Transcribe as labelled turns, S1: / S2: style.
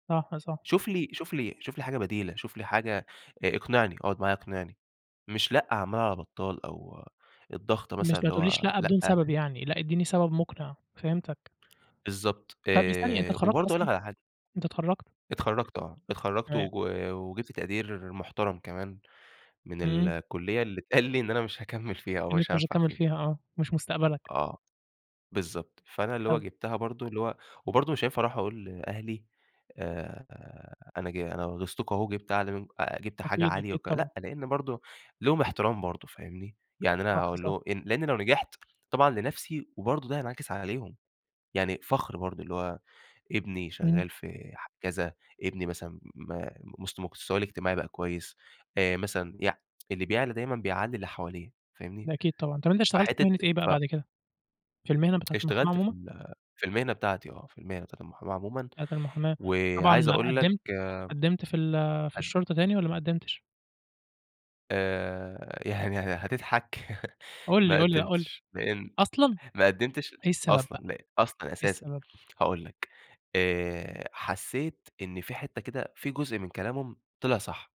S1: صح، صح.
S2: شوف لي شوف لي شوف لي حاجة بديلة، شوف لي حاجة آآ اقنعني، اقعد معايا اقنعني، مش لأ عمّال على بطّال أو الضغط مثلًا
S1: مش ما
S2: اللي
S1: تقولّيش
S2: هو
S1: لأ بدون
S2: لأ
S1: سبب يعني، لأ ادّيني سبب مُقنعِ فهمتك.
S2: بالضبط.
S1: طب ثانية، أنت
S2: آآ
S1: اتخرّجت
S2: وبرضه أقول
S1: أصلًا؟
S2: لك على حاجة.
S1: أنت اتخرّجت؟
S2: اتخرّجت آه. اتخرّجت
S1: تمام.
S2: وج وجِبت تقدير محترم كمان من
S1: إمم.
S2: الكُلّية اللي اتقال لي إن أنا مش هاكمّل فيها
S1: إن
S2: ومش
S1: أنت مش
S2: هانفع
S1: هتكمّل
S2: فيها.
S1: فيها آه. مش مُستقبلك.
S2: آه. بالضبط. فأنا اللي هو
S1: [unintelligible]
S2: جِبتها برضه اللي هو وبرضه مش هينفع أروح أقول لأهلي، آآ أنا ج أنا غيظتكم أهو وجِبت أعلي منك آآ جِبت حاجة
S1: أكيد،
S2: عالية
S1: أكيد
S2: وك
S1: طبعًا.
S2: لأ، لإن برضه ليهم احترام برضه فاهمني؟ يعني أنا
S1: صح،
S2: أقول
S1: صح.
S2: له أ لإنّي لو نجحت طبعًا لنفسي وبرضه ده هينعكس عليهم، يعني فَخر برضه اللي هو، ابني
S1: إمم.
S2: شغّال في ح كذا، ابني مثلًا ما مست مستواه الاجتماعي بقى كويس، آآ مثلًا يع اللي بيعلَى دايمًا بيعلّي اللي حواليه فاهمني؟
S1: ده أكيد طبعًا. طب أنت اشتغلت في
S2: فحتّة
S1: مهنة إيه بقى
S2: ف
S1: بعد كده؟ في المهنة بتاعة المُحاماة
S2: اشتغلت في
S1: عمومًا؟
S2: ال في المهنة بتاعتي آه. في المهنة بتاعة المُحاماة عمومًا
S1: بتاعة المُحاماة. طبعًا
S2: وعايز أقول لك
S1: قدّمت
S2: أ
S1: قدّمت في ال في الشُرطة تاني والّا ما قدّمتش؟
S2: آآ يعني هتضحك،
S1: قُل لي،
S2: ما
S1: قُل لي، لأ قُل لي.
S2: قدّمتش. لإن
S1: أصلًا.
S2: ما قدّمتش
S1: إيه السبب بقى؟
S2: أصلًا، أصلًا
S1: إيه
S2: أساسًا.
S1: السبب؟
S2: هاقول لك، آآ حسّيت إن في حتّة كده في جزء من كلامهم طلع صح.